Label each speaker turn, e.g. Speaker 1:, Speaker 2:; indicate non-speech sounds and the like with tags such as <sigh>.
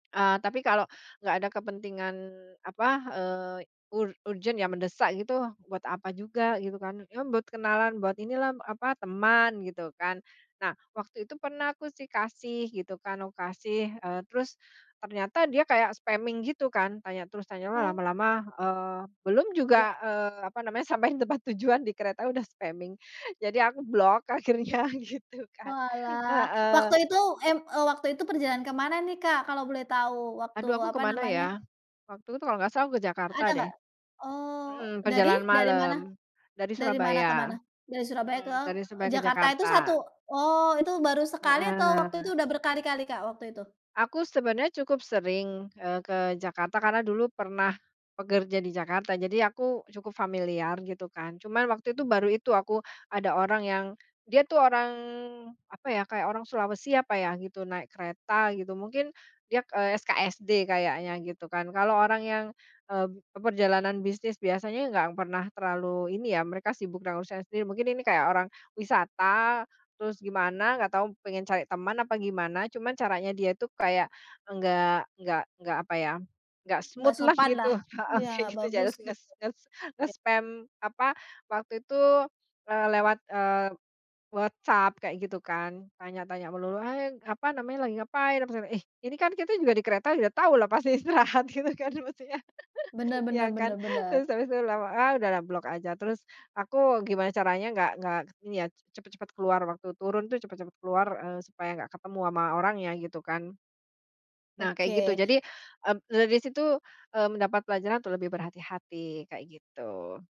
Speaker 1: Eee, tapi kalau nggak ada kepentingan, apa, eee, y ur urgent ya, mendesak gitu, buat apa juga? Gitu, kan. Yo, m buat kenalan, buat inilah, apa, teman, gitu kan. Nah, waktu itu pernah, aku sih, kasih, gitu kan. Aku kasih. Eee, terus ternyata dia kayak spamming gitu, kan. Tanya terus, tanya, wah,
Speaker 2: Oh.
Speaker 1: lama-lama, eee belum juga,
Speaker 2: Bromo
Speaker 1: eee, apa namanya, sampai di tempat tujuan, di kereta udah spamming. Jadi aku blok, akhirnya, gitu kan,
Speaker 2: Oalah. Waktu
Speaker 1: heeh.
Speaker 2: itu, em eee, waktu itu perjalanan ke mana nih, Kak, kalau boleh tahu? Waktu,
Speaker 1: Aduh, aku ke
Speaker 2: apa
Speaker 1: mana,
Speaker 2: namanya
Speaker 1: ya? Waktu itu, kalau nggak salah, aku ke Jakarta,
Speaker 2: Ada,
Speaker 1: deh.
Speaker 2: nggak? Eee,
Speaker 1: Mhm,
Speaker 2: dari?
Speaker 1: perjalanan
Speaker 2: Dari
Speaker 1: malam.
Speaker 2: mana?
Speaker 1: Dari
Speaker 2: Dari mana ke
Speaker 1: Surabaya.
Speaker 2: mana? Dari Surabaya, ke?
Speaker 1: Mhm, dari Surabaya ke
Speaker 2: Jakarta. Itu satu?
Speaker 1: Jakarta.
Speaker 2: Oh, itu baru sekali atau waktu itu
Speaker 1: Heeh.
Speaker 2: udah berkali-kali, Kak, waktu itu?
Speaker 1: Aku sebenarnya cukup sering, eee, ke Jakarta. Karena dulu pernah pekerja di Jakarta, jadi aku cukup familiar, gitu kan. Cuman waktu itu, baru itu aku ada orang yang dia tuh orang, apa ya, kayak orang Sulawesi, apa ya, gitu. Naik kereta, gitu. Mungkin, dia k eee, SKSD kayaknya, gitu kan. Kalau orang yang, eee, b e perjalanan bisnis biasanya ya nggak pernah terlalu ini, ya. Mereka sibuk dengan usahanya sendiri. Mungkin ini kayak orang wisata, terus gimana, nggak tahu pengen cari teman apa gimana, cuman caranya dia itu kayak, enggak nggak nggak apa ya. Nggak
Speaker 2: Nggak
Speaker 1: smooth-lah gitu.
Speaker 2: sopanlah.
Speaker 1: Heeh,
Speaker 2: Iya,
Speaker 1: kayak
Speaker 2: nggak
Speaker 1: gitu.
Speaker 2: bagus,
Speaker 1: Jales nges
Speaker 2: gitu.
Speaker 1: nges
Speaker 2: Ya.
Speaker 1: nge-spam apa, waktu itu, eee, lewat, eee, WhatsApp, kayak gitu, kan. Tanya-tanya melulu, ah yang ng apa namanya, "Lagi ngapain?" apa segana, ih. Ini kan, kita juga di kereta udah tahulah, pasti istirahat, gitu kan, mestinya.
Speaker 2: Benar
Speaker 1: <giggles>
Speaker 2: benar
Speaker 1: Ya, kan?
Speaker 2: benar benar.
Speaker 1: Terus, habis itu lama ah, udahlah, blok aja. Terus, aku gimana caranya nggak nggak k ini ya, c cepet-cepet keluar, waktu turun tuh, cepet-cepet keluar, eee, supaya nggak ketemu ama orangnya, gitu kan. Nah, kayak gitu.
Speaker 2: Oke.
Speaker 1: Jadi, eb dari situ, eee, mendapat pelajaran untuk lebih berhati-hati, kayak gitu.